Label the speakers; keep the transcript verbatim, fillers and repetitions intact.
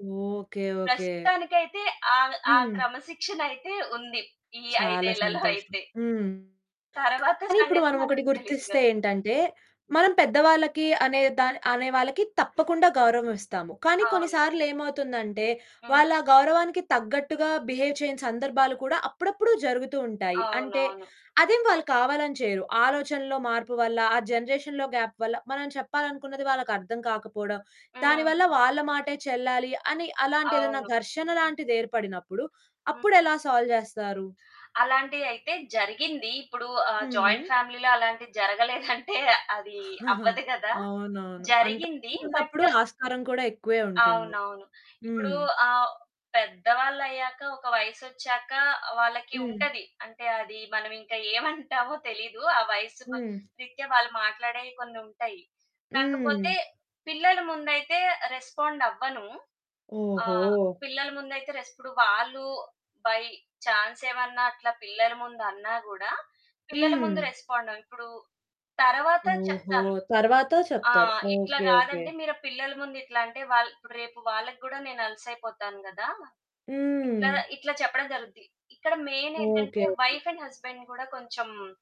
Speaker 1: Okay. Okay.
Speaker 2: ప్రస్తుతానికయితే ఆవ్ ఆ
Speaker 1: హ్మ్.
Speaker 2: క్రమశిక్షనయితే ఉంది. ఈ
Speaker 1: చాలా
Speaker 2: ఐదేళ్లలో
Speaker 1: సంతోషం.
Speaker 2: అయితే.
Speaker 1: హ్మ్.
Speaker 2: తరువాత
Speaker 1: కానీ ఇప్పుడు
Speaker 2: సంగతి మనం
Speaker 1: మనమొకటి
Speaker 2: తెలీదుగ.
Speaker 1: గుర్తిస్తే ఏంటంటే మనం పెద్దవాళ్ళకి అనే దా అనేవాళ్ళకి తప్పకుండా గౌరవం ఇస్తాము. కానీ
Speaker 2: అవును.
Speaker 1: కొన్నిసార్లేమవుతుందంటే
Speaker 2: హ్మ్.
Speaker 1: వాళ్ళు ఆ గౌరవానికి తగ్గట్టుగా బిహేవ్ చేయని సందర్భాలు కూడా అప్పుడప్పుడు జరుగుతూ ఉంటాయి. అంటే
Speaker 2: అవునవును.
Speaker 1: అదేం వాళ్ళు కావాలని చేయరు. ఆలోచనలో మార్పు వల్ల, ఆ జనరేషన్‌లో గ్యాప్ వల్ల, మనం చెప్పాలనుకున్నది వాళ్ళకర్థం కాకపోవడం,
Speaker 2: హ్మ్.
Speaker 1: దానివల్ల వాళ్ళ మాటే చెల్లాలి అని అలాంటేదన్నా
Speaker 2: అవును.
Speaker 1: ఘర్షణ లాంటిదేర్పడినప్పుడు,
Speaker 2: హ్మ్.
Speaker 1: అప్పుడెలా సాల్వ్ జేస్తారు.
Speaker 2: అలాంటియయితే జరిగింది. ఇప్పుడు ఆహ్, జాయింట్
Speaker 1: హుహు.
Speaker 2: ఫ్యామిలీలో అలాంటిది జరగలేదంటే, అది అవ్వదు గదా!
Speaker 1: అవునవును.
Speaker 2: జరిగింది
Speaker 1: అంతమంది ఉన్నప్పుడు
Speaker 2: బట్
Speaker 1: ఆస్కారం కూడా ఎక్కువే ఉంటుంది.
Speaker 2: అవునవును. ఇప్పుడు
Speaker 1: హ్మ్.
Speaker 2: ఆహ్, పెద్దవాళ్ళయ్యాక ఒక వయసొచ్చాక వాళ్ళకి
Speaker 1: హ్మ్.
Speaker 2: ఉంటది. అంటే అది మనమింకా ఏమంటామో తెలీదు. ఆ వయసుకు
Speaker 1: హ్మ్.
Speaker 2: రీత్యా వాళ్ళు మాట్లాడేయి కొన్నుంటాయి.
Speaker 1: హ్మ్.
Speaker 2: కాకపోతే పిల్లల ముందయితే రెస్పాండవ్వను, ఆహ్,
Speaker 1: ఓహో!
Speaker 2: పిల్లల ముందయితే రెస్ ఇప్పుడు వాళ్ళు బై చాన్సేమన్నా అట్లా పిల్లల ముందన్నా గూడా పిల్లల
Speaker 1: హ్మ్.
Speaker 2: ముందు రెస్పాండ ఇప్పుడు తరువాత
Speaker 1: ఓహో!
Speaker 2: చెప్తాను.
Speaker 1: తరువాత
Speaker 2: ఆ!
Speaker 1: చెప్తారు
Speaker 2: ఇట్లా
Speaker 1: ఓకే. ఓకే.
Speaker 2: గాదండి మీరు పిల్లల ముందు ఇట్లా అంటే వాళ్ రేపు వాళ్ళకి గూడా నేను అలుసయిపోతాను గదా! ఇట్లా
Speaker 1: హ్మ్.
Speaker 2: ఇట్లా చెప్పడం జరుగుద్ది. ఇక్కడ మెయినేంటంటే
Speaker 1: okay. Okay.
Speaker 2: Wife and husband గూడా కొంచెం